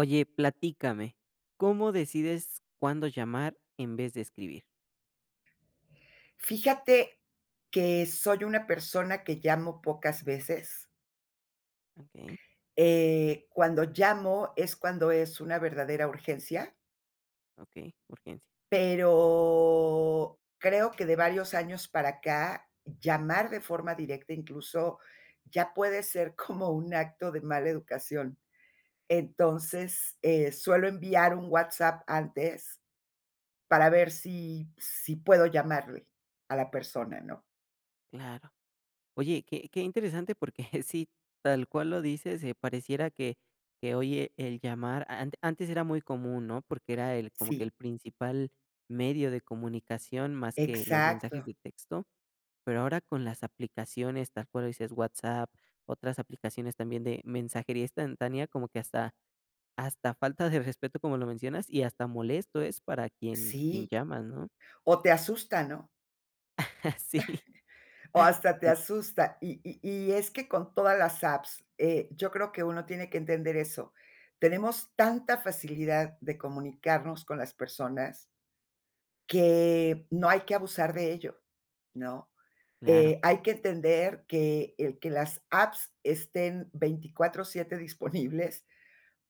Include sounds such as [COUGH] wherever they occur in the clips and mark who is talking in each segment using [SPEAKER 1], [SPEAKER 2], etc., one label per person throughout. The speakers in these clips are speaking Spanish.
[SPEAKER 1] Oye, platícame, ¿cómo decides cuándo llamar en vez de escribir?
[SPEAKER 2] Fíjate que, soy una persona que llamo pocas veces
[SPEAKER 1] Okey.
[SPEAKER 2] eh, cuando llamo es cuando es una verdadera urgencia.
[SPEAKER 1] Okey, urgencia.
[SPEAKER 2] Pero, creo que, de varios años para acá, llamar de forma directa, incluso ya puede ser como un acto de mala educación. Entonces, eh, suelo enviar un WhatsApp antes, para ver si, si puedo llamarle, a la persona, ¿no?
[SPEAKER 1] Claro. Oye, qué qué interesante, porque sí, tal cual lo dices, eh, pareciera que, que oye, el llamar, a ant antes era muy común, ¿no? Porque era el cómo que
[SPEAKER 2] Sí.
[SPEAKER 1] el principal medio de comunicación, más que los mensajes
[SPEAKER 2] Exacto.
[SPEAKER 1] de texto, pero ahora con las aplicaciones, tal cual lo dices, WhatsApp, otras aplicaciones también de mensajería instantánea, como que hasta, hasta falta de respeto, como lo mencionas, y hasta molesto es para quien, quien
[SPEAKER 2] Sí,
[SPEAKER 1] llamas, ¿no?
[SPEAKER 2] o te asusta, ¿no?
[SPEAKER 1] [CHUCKLES] Sí.
[SPEAKER 2] [CHUCKLES] O hasta te asusta. Y y y es que con todas las apps, eh, yo creo que uno tiene que entender eso. Tenemos tanta facilidad de comunicarnos con las personas, que, no hay que abusar de ello, ¿no?
[SPEAKER 1] Claro.
[SPEAKER 2] Eh, hay que entender que, el que las apps estén 24/7 disponibles,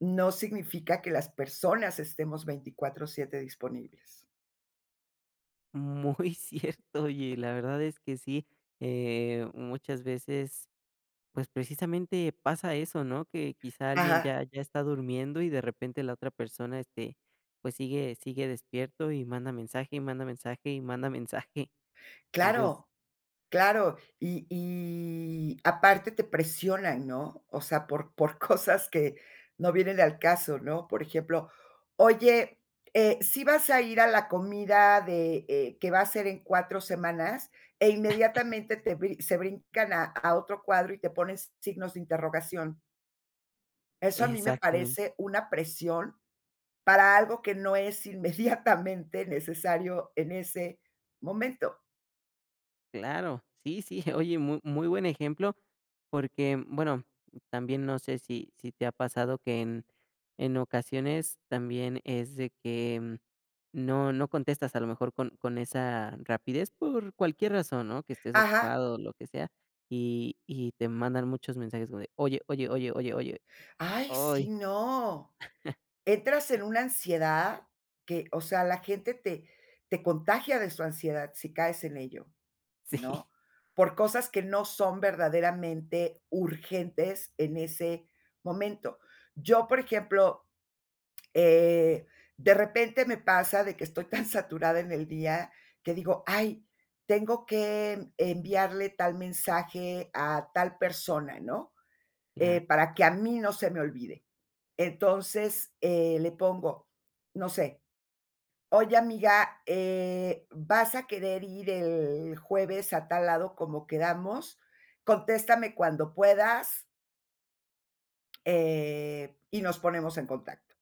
[SPEAKER 2] no significa que las personas estemos 24/7 disponibles.
[SPEAKER 1] Mm, muy cierto, oye, la verdad es que sí, eh, muchas veces, pues, precisamente pasa eso, ¿no?, que quizá alguien
[SPEAKER 2] Ajá.
[SPEAKER 1] ya ya está durmiendo, y de repente la otra persona, este, pues, sigue sigue despierto, y manda mensaje, y manda mensaje, y manda mensaje. Entonces
[SPEAKER 2] Claro, claro, y y aparte te presionan, ¿no? O sea, por por cosas que no vienen al caso, ¿no? Por ejemplo: "Oye, eh ¿sí vas a ir a la comida de, eh, que va a ser en 4 semanas?", e
[SPEAKER 1] [CHUCKLES]
[SPEAKER 2] inmediatamente te brin se brincan a a otro cuadro, y te ponen s signos de interrogación. Eso a mí me
[SPEAKER 1] Exactamente.
[SPEAKER 2] parece una presión, para algo que no es inmediatamente necesario en ese momento.
[SPEAKER 1] Claro, sí, sí, oye, mu muy buen ejemplo porque, bueno, también, no sé, si si te ha pasado que en en ocasiones también es de que, mm, no no contestas, a lo mejor, con con esa rapidez por cualquier razón, ¿no?, que estés
[SPEAKER 2] Ajá.
[SPEAKER 1] ocupado, o lo que sea, y y te mandan muchos mensajes, o de: "Oye, oye, oye, oye, oye",
[SPEAKER 2] ¡Ay, sí,
[SPEAKER 1] ¡oy!
[SPEAKER 2] no! Entras en
[SPEAKER 1] [CHUCKLES]
[SPEAKER 2] una ansiedad que, o sea, la gente te te contagia de su ansiedad si caes en ello,
[SPEAKER 1] Sí.
[SPEAKER 2] ¿no? Por cosas que no son verdaderamente urgentes en ese momento. Yo, por ejemplo, eh, de repente me pasa de que estoy tan saturada en el día, que digo: "Ay, tengo que, mm, enviarle tal mensaje a tal persona", ¿no?,
[SPEAKER 1] Claro.
[SPEAKER 2] eh, para que a mí no se me olvide. Entonces, eh, le pongo, no sé: "Oye, amiga, eh, vas a querer ir el jueves a tal lado como quedamos, contéstame cuando puedas" "eh, y nos ponemos en contacto".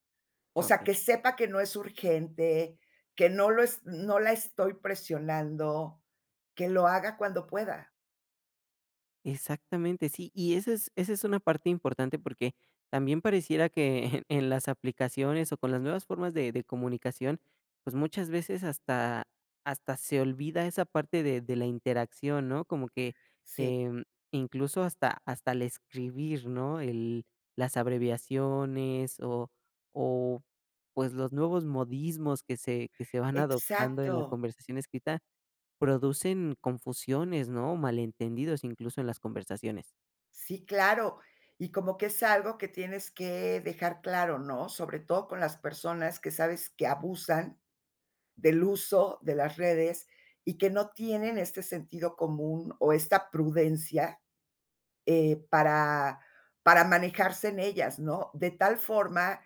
[SPEAKER 2] O sea,
[SPEAKER 1] Okey.
[SPEAKER 2] que sepa que no es urgente, que no lo es no la estoy presionando, que lo haga cuando pueda.
[SPEAKER 1] Exactamente, sí, y esa es esa es una parte importante, porque, también pareciera que en las aplicaciones, o con las nuevas formas de de comunicación, pues, muchas veces hasta, hasta se olvida esa parte de de la interacción, ¿no? Como que,
[SPEAKER 2] Sí.
[SPEAKER 1] em, incluso, hasta, hasta el escribir, ¿no? El las abreviaciones o, o, pues, los nuevos modismos que se que se van adoptando en la
[SPEAKER 2] Exacto.
[SPEAKER 1] conversación escrita, producen confusiones, ¿no? Malentendidos, incluso, en las conversaciones.
[SPEAKER 2] Sí, claro. Y como que es algo que tienes que, dejar claro, ¿no? Sobre todo con las personas que sabes que abusan, del uso de las redes, y que no tienen este sentido común, o esta prudencia, eh, para, para manejarse en ellas, ¿no? De tal forma,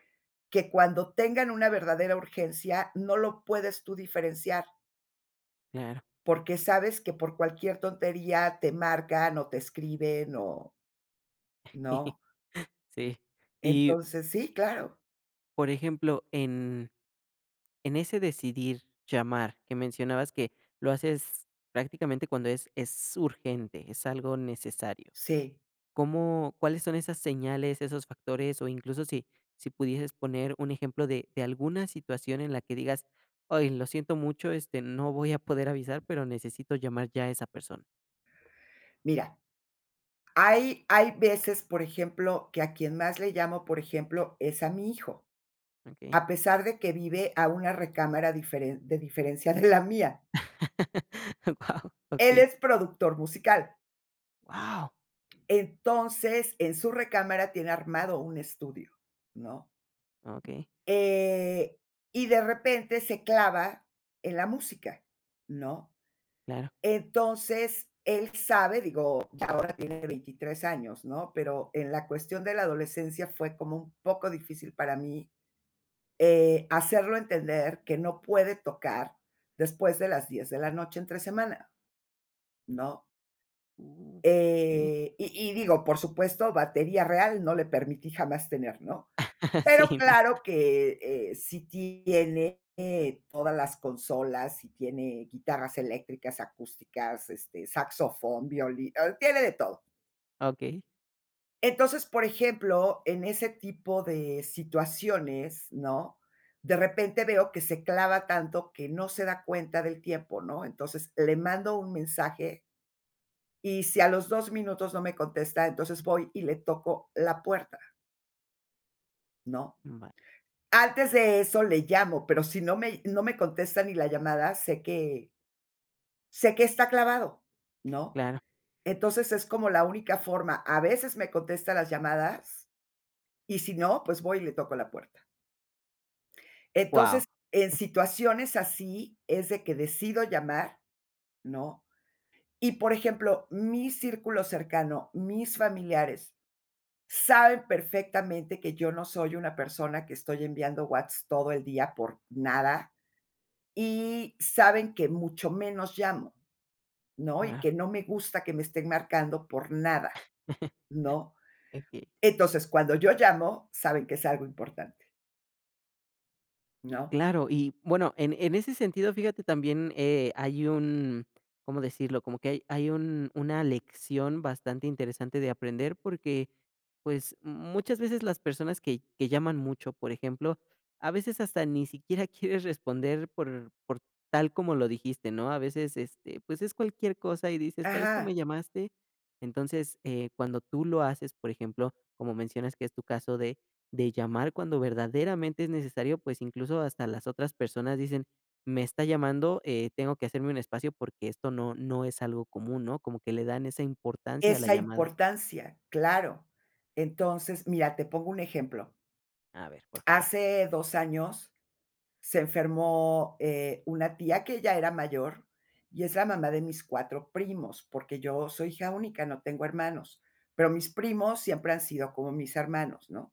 [SPEAKER 2] que cuando tengan una verdadera urgencia no lo puedes tú diferenciar.
[SPEAKER 1] Claro.
[SPEAKER 2] Porque sabes que por cualquier tontería te marcan, o te escriben o
[SPEAKER 1] [CHUCKLES]
[SPEAKER 2] ¿no?
[SPEAKER 1] Sí, y
[SPEAKER 2] Entonces, sí, claro.
[SPEAKER 1] por ejemplo, en, en ese decidir llamar, que mencionabas que, lo haces prácticamente cuando es, es urgente, es algo necesario,
[SPEAKER 2] Sí.
[SPEAKER 1] ¿cómo? ¿Cuáles son esas señales, esos factores? O incluso, si, si pudieses poner un ejemplo de, de alguna situación en la que digas: "Ay, lo siento mucho, este, no voy a poder avisar, pero necesito llamar ya a esa persona".
[SPEAKER 2] Mira, hay, hay veces, por ejemplo, que a quien más le llamo, por ejemplo, es a mi hijo.
[SPEAKER 1] Okey.
[SPEAKER 2] A pesar de que vive a una recámara diferen de diferencia de la mía.
[SPEAKER 1] [LAUGHS] Oh wao,
[SPEAKER 2] Él
[SPEAKER 1] okey.
[SPEAKER 2] es productor musical.
[SPEAKER 1] Guau.
[SPEAKER 2] Entonces, en su recámara tiene armado un estudio, ¿no?
[SPEAKER 1] Okey.
[SPEAKER 2] Eh, y de repente se clava en la música, ¿no?
[SPEAKER 1] Claro.
[SPEAKER 2] Entonces, él sabe digo, ya ahora tiene 23 años, ¿no? Pero, en la cuestión de la adolescencia, fue como un poco difícil para mí, eh, hacerlo entender, que no puede tocar, después de las 10 de la noche, entre semana, ¿no?
[SPEAKER 1] Uh. Sí.
[SPEAKER 2] Eh, y y digo, por supuesto, batería real, no le permití jamás tener, ¿no?
[SPEAKER 1] [LAUGHS]
[SPEAKER 2] Pero
[SPEAKER 1] Sí, no.
[SPEAKER 2] claro que, eh, sí tiene, eh, todas las consolas, si tiene guitarras eléctricas, acústicas, este, saxofón, violí eh, tiene de todo.
[SPEAKER 1] Okey.
[SPEAKER 2] Entonces, por ejemplo, en ese tipo de situaciones, ¿no? De repente veo, que se clava tanto, que no se da cuenta del tiempo, ¿no? Entonces, le mando un mensaje. Y si a los 2 minutos no me contesta, entonces voy, y le toco la puerta. No,
[SPEAKER 1] Mm, vale.
[SPEAKER 2] antes de eso le llamo, pero si no me no me contesta ni la llamada, sé que sé que está clavado, ¿no?
[SPEAKER 1] Claro.
[SPEAKER 2] Entonces, es como la única forma. A veces me contesta las llamadas, y si no, pues voy y le toco la puerta.
[SPEAKER 1] Wao.
[SPEAKER 2] Entonces, en situaciones así es de que decido llamar, ¿no? Y por ejemplo, mi círculo cercano, mis familiares saben perfectamente que yo no soy una persona que estoy enviando whats todo el día por nada, y saben que mucho menos llamo, ¿no?, y
[SPEAKER 1] Ah.
[SPEAKER 2] que no me gusta que me estén marcando por nada,
[SPEAKER 1] [LAUGHS]
[SPEAKER 2] ¿no?
[SPEAKER 1] [UNINTELLIGIBLE]
[SPEAKER 2] Entonces, cuando yo llamo saben que es algo importante. ¿No?
[SPEAKER 1] Claro y, bueno, en en ese sentido, fíjate también, eh, hay un ¿cómo decirlo?, como que hay hay un una lección bastante interesante de aprender porque, pues, muchas veces las personas que que llaman mucho, por ejemplo, a veces hasta ni siquiera quieres responder por por tal como lo dijiste, ¿no? A veces, este, pues es cualquier cosa y dices: "¿Para esto
[SPEAKER 2] Ajá.
[SPEAKER 1] me llamaste?". Entonces, eh, cuando tú lo haces, por ejemplo, como mencionas que es tu caso de de llamar cuando verdaderamente es necesario, pues incluso hasta las otras personas dicen: "Me está llamando, eh, tengo que hacerme un espacio porque esto no no es algo común", ¿no? Como que le dan esa importancia a la
[SPEAKER 2] Esa
[SPEAKER 1] llamada.
[SPEAKER 2] importancia, claro. Entonces, mira, te pongo un ejemplo
[SPEAKER 1] A ver, por favor.
[SPEAKER 2] hace 2 años se enfermó, eh, una tía que ya era mayor y es la mamá de mis 4 primos, porque yo soy hija única, no tengo hermanos. Pero mis primos siempre han sido como mis hermanos, ¿no?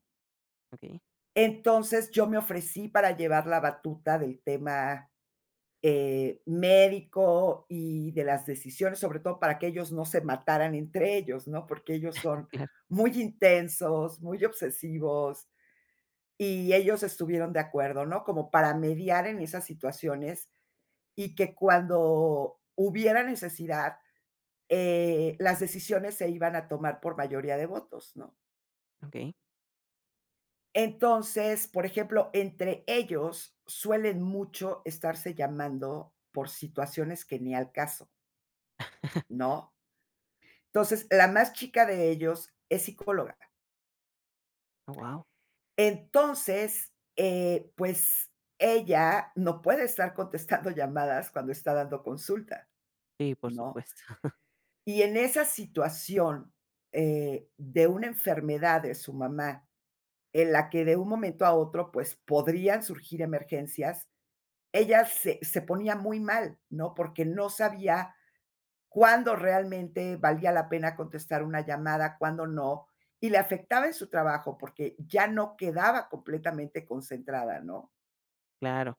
[SPEAKER 1] Okey.
[SPEAKER 2] Entonces, yo me ofrecí para llevar la batuta del tema, eh, médico y de las decisiones, sobre todo para que ellos no se mataran entre ellos, ¿no?, porque ellos
[SPEAKER 1] [CHUCKLES]
[SPEAKER 2] son
[SPEAKER 1] Claro.
[SPEAKER 2] muy intensos, muy obsesivos, y ellos estuvieron de acuerdo, ¿no? Como para mediar en esas situaciones y que cuando hubiera necesidad, eh, las decisiones se iban a tomar por mayoría de votos, ¿no?
[SPEAKER 1] Okey.
[SPEAKER 2] Entonces, por ejemplo, entre ellos suelen mucho estarse llamando, por situaciones que ni al caso.
[SPEAKER 1] [CHUCKLES]
[SPEAKER 2] ¿No? Entonces, la más chica de ellos es psicóloga.
[SPEAKER 1] Oh, guau.
[SPEAKER 2] Entonces, eh, pues, ella no puede estar contestando llamadas cuando está dando consulta,
[SPEAKER 1] Sí, por
[SPEAKER 2] ¿no?
[SPEAKER 1] supuesto.
[SPEAKER 2] Y en esa situación, eh, de una enfermedad de su mamá, en la que, de un momento a otro, pues, podrían surgir emergencias, ella se se ponía muy mal, ¿no?, porque no sabía cuándo realmente valía la pena contestar una llamada, cuándo no, y le afectaba en su trabajo porque ya no quedaba completamente concentrada, ¿no?
[SPEAKER 1] Claro.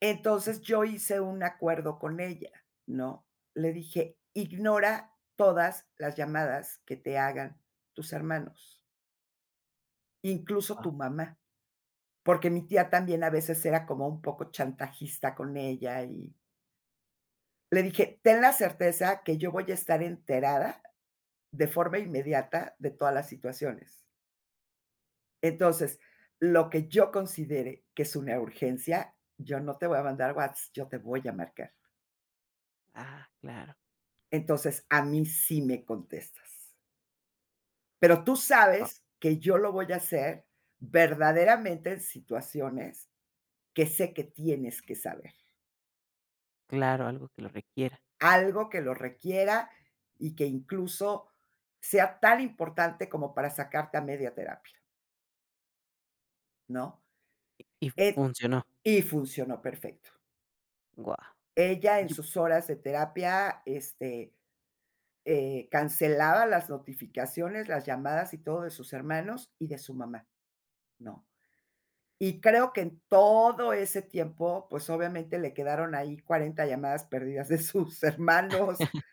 [SPEAKER 2] Entonces, yo hice un acuerdo con ella, ¿no? Le dije: "Ignora todas las llamadas, que te hagan tus hermanos" "Incluso,
[SPEAKER 1] Ah.
[SPEAKER 2] tu mamá". Porque mi tía, también a veces, era como un poco chantajista con ella, y le dije: "Ten la certeza, que yo voy a estar enterada, de forma inmediata, de todas las situaciones". "entonces, lo que yo considere que es una urgencia, yo no te voy a mandar Whats, yo te voy a marcar".
[SPEAKER 1] Ah, claro.
[SPEAKER 2] "entonces, a mí sí me contestas". "pero tú
[SPEAKER 1] Ah.
[SPEAKER 2] sabes, que yo lo voy a hacer, verdaderamente, en situaciones, que sé, que tienes que saber".
[SPEAKER 1] Claro. Algo que lo requiera.
[SPEAKER 2] "algo que lo requiera, y que incluso, sea tan importante, como para sacarte a media terapia", "¿no?
[SPEAKER 1] Y y
[SPEAKER 2] Eh,
[SPEAKER 1] funcionó.
[SPEAKER 2] y funcionó perfecto.
[SPEAKER 1] Guau.
[SPEAKER 2] Ella, en
[SPEAKER 1] Yu.
[SPEAKER 2] sus horas de terapia, este, eh, cancelaba las notificaciones, las llamadas y todo, de sus hermanos y de su mamá, ¿no? Y creo que, en todo ese tiempo, pues, obviamente, le quedaron ahí, 40 llamadas perdidas de sus hermanos,
[SPEAKER 1] [CHUCKLES]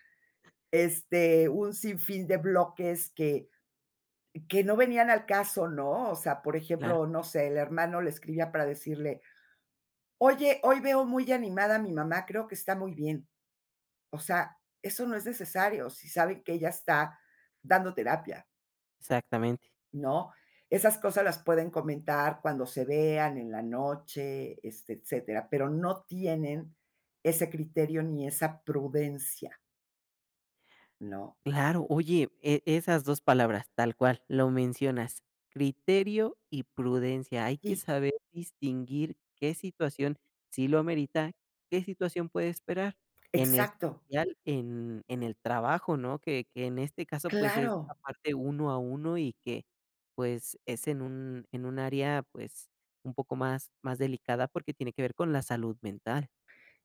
[SPEAKER 2] este, un sinfín de bloques que que no venían al caso, ¿no? O sea, por
[SPEAKER 1] Claro.
[SPEAKER 2] ejemplo, no sé, el hermano le escribía para decirle: "Oye, hoy veo muy animada a mi mamá, creo que está muy bien". O sea, eso no es necesario, si saben que ella está dando terapia,
[SPEAKER 1] Exactamente.
[SPEAKER 2] ¿no? Esas cosas las pueden comentar cuando se vean, en la noche, este, etcétera, pero no tienen ese criterio, ni esa prudencia. ¿No?
[SPEAKER 1] Claro. Oye, eh, esas 2 palabras, tal cual, lo mencionas, criterio y prudencia. Hay que
[SPEAKER 2] Sí.
[SPEAKER 1] saber distinguir qué situación sí lo amerita, qué situación puede esperar, en
[SPEAKER 2] Exacto.
[SPEAKER 1] especial en en el trabajo, ¿no?, que que, en este caso, pues, es
[SPEAKER 2] Claro.
[SPEAKER 1] aparte uno a uno y que, pues, es en un en un área, pues, un poco más más delicada porque tiene que ver con la salud mental.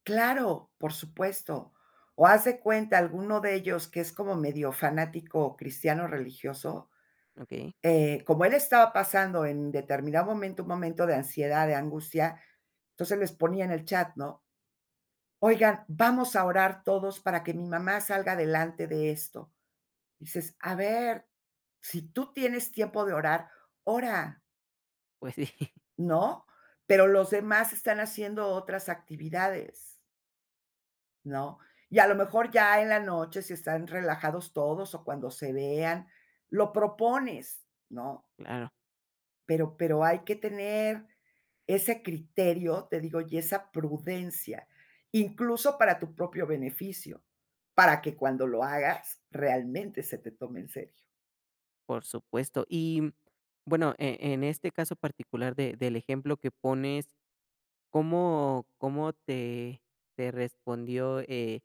[SPEAKER 2] Claro, por supuesto. O haz de cuenta alguno de ellos, que es como medio fanático cristiano, religioso,
[SPEAKER 1] Okey.
[SPEAKER 2] eh, como él estaba pasando en determinado momento un momento de ansiedad, de angustia, entonces les ponía en el chat, ¿no? "Oigan, vamos a orar todos para que mi mamá salga adelante de esto". Dices: "A ver, si tú tienes tiempo de orar, ora",
[SPEAKER 1] Pues, sí.
[SPEAKER 2] ¿no? Pero los demás están haciendo otras actividades, ¿no? Y, a lo mejor, ya en la noche, si están relajados todos o cuando se vean, lo propones, ¿no?
[SPEAKER 1] Claro.
[SPEAKER 2] Pero pero hay que tener ese criterio, te digo, y esa prudencia, incluso, para tu propio beneficio, para que cuando lo hagas, realmente, se te tome en serio.
[SPEAKER 1] Por supuesto, y, mm, bueno, eh, en este caso particular de del ejemplo que pones, ¿cómo cómo te te respondió, eh,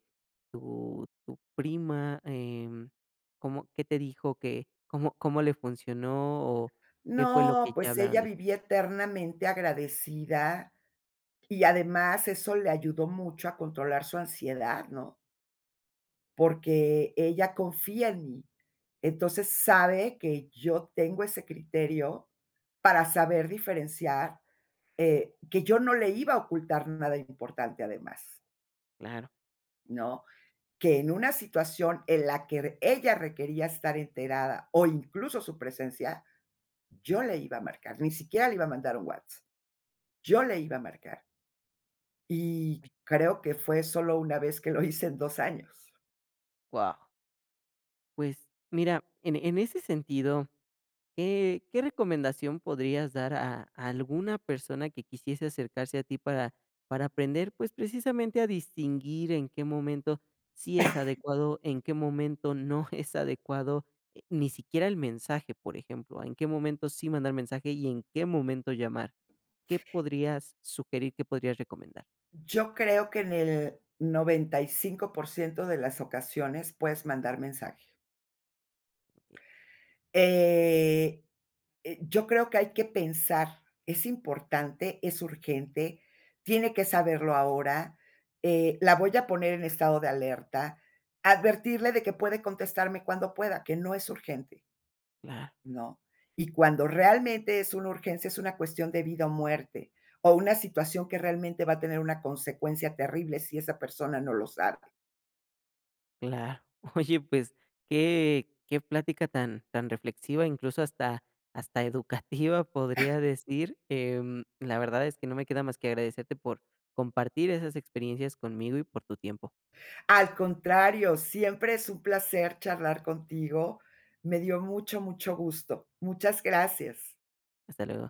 [SPEAKER 1] tu tu prima?, em, ¿cómo qué te dijo que cómo cómo le funcionó o qué fue lo
[SPEAKER 2] No,
[SPEAKER 1] que ya
[SPEAKER 2] pues,
[SPEAKER 1] hablaron
[SPEAKER 2] ella
[SPEAKER 1] des?
[SPEAKER 2] vivía eternamente agradecida y además eso le ayudó mucho a controlar su ansiedad, ¿no? Porque ella confía en mí. Entonces, sabe que yo tengo ese criterio para saber diferenciar, eh, que yo no le iba a ocultar nada importante, además.
[SPEAKER 1] Claro.
[SPEAKER 2] ¿No? Que en una situación en la que r ella requería estar enterada o incluso su presencia, yo le iba a marcar, ni siquiera le iba a mandar un Whats, yo le iba a marcar. Y creo, que fue sólo 1 vez, que lo hice en 2 años.
[SPEAKER 1] Wao. Pues, mira, en e en ese sentido, ¿qué qué recomendación podrías dar a alguna persona, que quisiese acercarse a ti para para aprender? Pues, precisamente, a distinguir, en qué momento sí es adecuado, en
[SPEAKER 2] [COUGHS]
[SPEAKER 1] qué momento, no es adecuado, eh, ni siquiera el mensaje, por ejemplo. En qué momento, sí mandar mensaje, y en qué momento llamar. ¿Qué podrías sugerir, qué podrías recomendar?
[SPEAKER 2] Yo creo, que en el 95% de las ocasiones, puedes mandar mensaje. Eh, eh, yo creo que hay que pensar: "¿Es importante?, ¿es urgente?, ¿tiene que saberlo ahora?". Eh, "¿la voy a poner en estado de alerta?". Advertirle, de que puede contestarme cuando pueda. Que no es urgente
[SPEAKER 1] Claro.
[SPEAKER 2] ¿no? Y cuando realmente es una urgencia, es una cuestión de vida o muerte. O una situación, que realmente va a tener una consecuencia terrible, si esa persona no lo sabe.
[SPEAKER 1] Claro. Oye, pues, qué qué plática tan tan reflexiva. Incluso, hasta hasta educativa, podría decir, em, la verdad, es que no me queda más que agradecerte, por compartir esas experiencias conmigo, y por tu tiempo.
[SPEAKER 2] Al contrario. Siempre es un placer, charlar contigo. Me dio mucho, mucho gusto. Muchas gracias.
[SPEAKER 1] Hasta luego.